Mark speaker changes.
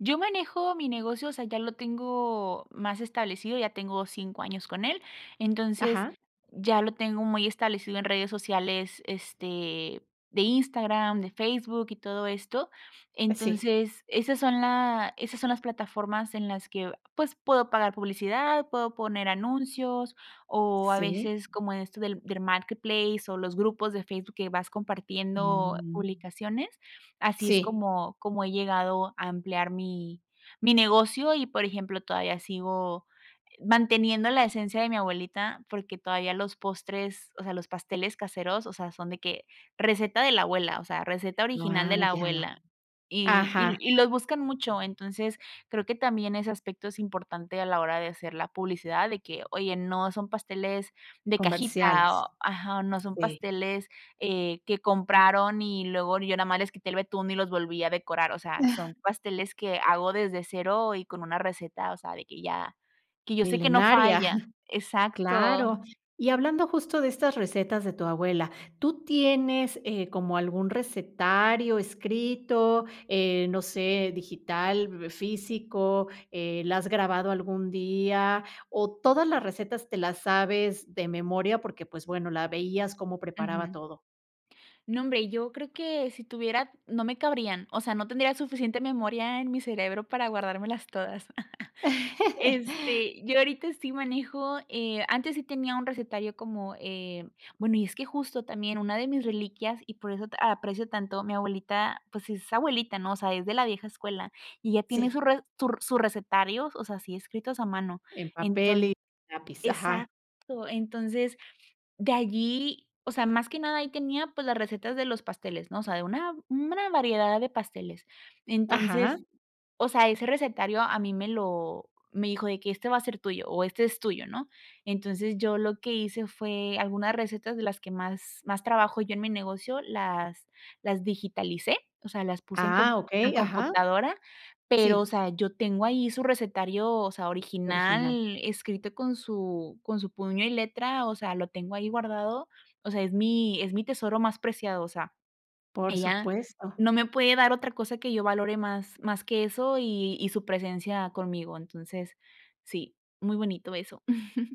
Speaker 1: Yo manejo mi negocio, o sea, ya lo tengo más establecido. Ya tengo 5 años con él. Entonces,
Speaker 2: Ajá.
Speaker 1: ya lo tengo muy establecido en redes sociales, este, de Instagram, de Facebook y todo esto.
Speaker 2: Sí.
Speaker 1: Entonces, esas son la esas son las plataformas, en las que, pues, puedo pagar publicidad, puedo poner anuncios, o a
Speaker 2: Sí.
Speaker 1: veces como esto del del marketplace, o los grupos de Facebook que vas compartiendo
Speaker 2: Mm.
Speaker 1: publicaciones. Así es
Speaker 2: Sí.
Speaker 1: como como he llegado a ampliar mi mi negocio. Y, por ejemplo, todavía sigo manteniendo la esencia de mi abuelita, porque todavía los postres, o sea, los pasteles caseros, o sea, son de que receta de la abuela, o sea, receta original de la
Speaker 2: Vaya.
Speaker 1: abuela y y
Speaker 2: Ajá.
Speaker 1: y los buscan mucho. Entonces, creo que también ese aspecto es importante a la hora de hacer la publicidad, de que: "Oye, no son pasteles de cajita",
Speaker 2: Comerciales.
Speaker 1: o ajá, no son
Speaker 2: Sí.
Speaker 1: pasteles, eh, que compraron y luego yo nada más les quité el betún y los volví a decorar. O sea, son pasteles que hago desde 0 y con una receta, o sea, de que ya que yo sé que no
Speaker 2: Milenaria,
Speaker 1: falla exacto.
Speaker 2: claro. Y hablando, justo de estas recetas de tu abuela, ¿tú tienes, eh, como algún recetario escrito, eh, no sé, digital, físico? Eh, ¿la has grabado algún día o todas las recetas te las sabes de memoria, porque, pues, bueno, la veías cómo preparaba
Speaker 1: Ujú.
Speaker 2: todo?
Speaker 1: No, hombre, yo creo que si tuviera, no me cabrían. O sea, no tendría suficiente memoria en mi cerebro para guardármelas todas. Este, yo ahorita sí manejo, eh, antes sí tenía un recetario como, eh bueno, y es que justo también, una de mis reliquias, y por eso ta aprecio tanto a mi abuelita, pues, es abuelita, ¿no? O sea, es de la vieja escuela, y ella tiene
Speaker 2: Sí.
Speaker 1: su re su r sus recetarios, o sea, así escritos a mano.
Speaker 2: En papel
Speaker 1: Entonc
Speaker 2: y lápiz, ajá.
Speaker 1: exacto, entonces, de allí, o sea, más que nada, ahí tenía, pues, las recetas de los pasteles, ¿no? O sea, de una mm, buena variedad de pasteles.
Speaker 2: Ajá.
Speaker 1: Entonces, o sea, ese recetario a mí me lo me dijo de que: "Este va a ser tuyo, o este es tuyo", ¿no? Entonces, yo lo que hice, fue algunas recetas de las que más más trabajo yo en mi negocio, las las digitalicé, o sea, las puse en com
Speaker 2: Ah,
Speaker 1: a
Speaker 2: okey. Ajá.
Speaker 1: computadora, pero, o
Speaker 2: Sí.
Speaker 1: sea, yo tengo ahí su recetario, o sea,
Speaker 2: Original.
Speaker 1: original, escrito con su con su puño y letra, o sea, lo tengo ahí guardado. O sea, es mi es mi tesoro más preciado, o sea,
Speaker 2: Por
Speaker 1: ella
Speaker 2: supuesto.
Speaker 1: no me puede dar otra cosa que yo valore más más que eso y y su presencia conmigo, entonces sí, muy bonito eso.